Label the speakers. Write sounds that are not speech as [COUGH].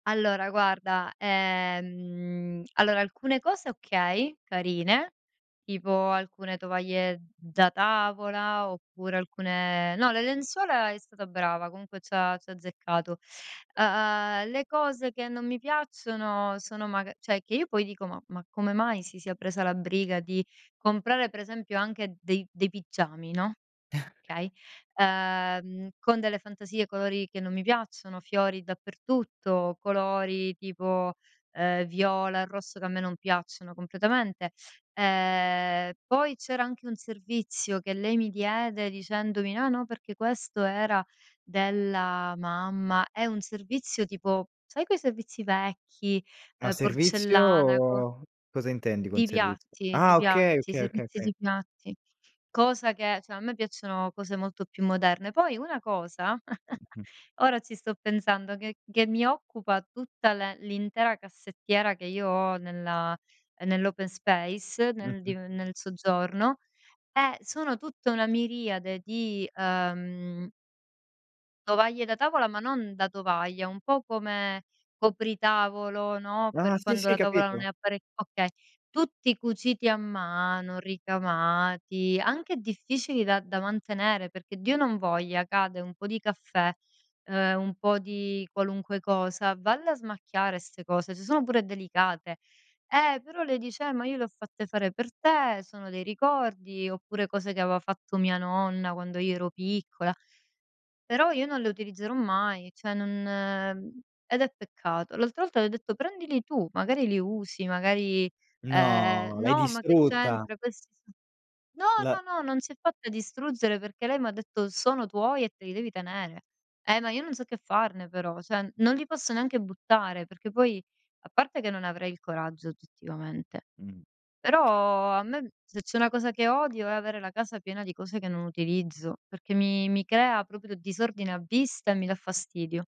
Speaker 1: Allora guarda, ehm allora alcune cose okay, carine, tipo alcune tovaglie da tavola oppure alcune no, le lenzuola è stata brava, comunque c'ha c'ha azzeccato, uhm, le cose che non mi piacciono sono maga cioè, che io poi dico, ma ma come mai si sia presa la briga di comprare per esempio anche dei dei pigiami, no,
Speaker 2: [CHUCKLES]
Speaker 1: okay, uhm, con delle fantasie, colori che non mi piacciono, fiori dappertutto, colori tipo, uhm, viola e rosso, che a me non piacciono completamente, ehm, poi c'era anche un servizio che lei mi diede dicendomi: "No no, perché questo era della mamma." È un servizio tipo, sai quei servizi vecchi,
Speaker 2: Ma
Speaker 1: uhm, porcellana, co
Speaker 2: servizio cosa intendi con
Speaker 1: Di
Speaker 2: servizio?
Speaker 1: piatti, di
Speaker 2: Ah, okay,
Speaker 1: piatti,
Speaker 2: okay, okay,
Speaker 1: servizi
Speaker 2: okay.
Speaker 1: di piatti, cosa che cioè, a me piacciono cose molto più moderne. Poi una cosa, [GIGGLES]
Speaker 2: Mh-mh.
Speaker 1: ora ci sto pensando, che che mi occupa tutta l l'intera cassettiera che io ho nella nell' open space, nel
Speaker 2: Mh-mh.
Speaker 1: div nel soggiorno, è sono tutta una miriade di, uhm tovaglie da tavola, ma non da tovaglia, un po' come copritavolo, no,
Speaker 2: Ah,
Speaker 1: per
Speaker 2: sì,
Speaker 1: quando
Speaker 2: sì
Speaker 1: la tavola non
Speaker 2: capito.
Speaker 1: è appare okay, tutti cuciti a mano, ricamati, anche difficili da da mantenere, perché Dio non voglia, cade un po' di caffè, uhm, un po' di qualunque cosa, valle a smacchiare 'ste cose, se sono pure delicate. Eh però lei dice: "Eh ma io le ho fatte fare per te, sono dei ricordi." Oppure cose che aveva fatto mia nonna, quando io ero piccola, però io non le utilizzerò mai, cioè, non ed è peccato. L'altra volta le ho detto: "Prendili tu, magari li usi, magari, ehm"
Speaker 2: No, l'hai
Speaker 1: "No, ma che
Speaker 2: distrutta.
Speaker 1: c'entra, questi son" no,
Speaker 2: L
Speaker 1: no, no, non si è fatta distruggere, perché lei m'ha detto: "Sono tuoi e te li devi tenere." Eh, ma io non so che farne però, cioè non li posso neanche buttare perché poi a parte che non avrei il coraggio, oggettivamente,
Speaker 2: Mh.
Speaker 1: però a me se c'è una cosa che odio è avere la casa piena di cose che non utilizzo, perché mi mi crea proprio disordine a vista e mi dà fastidio.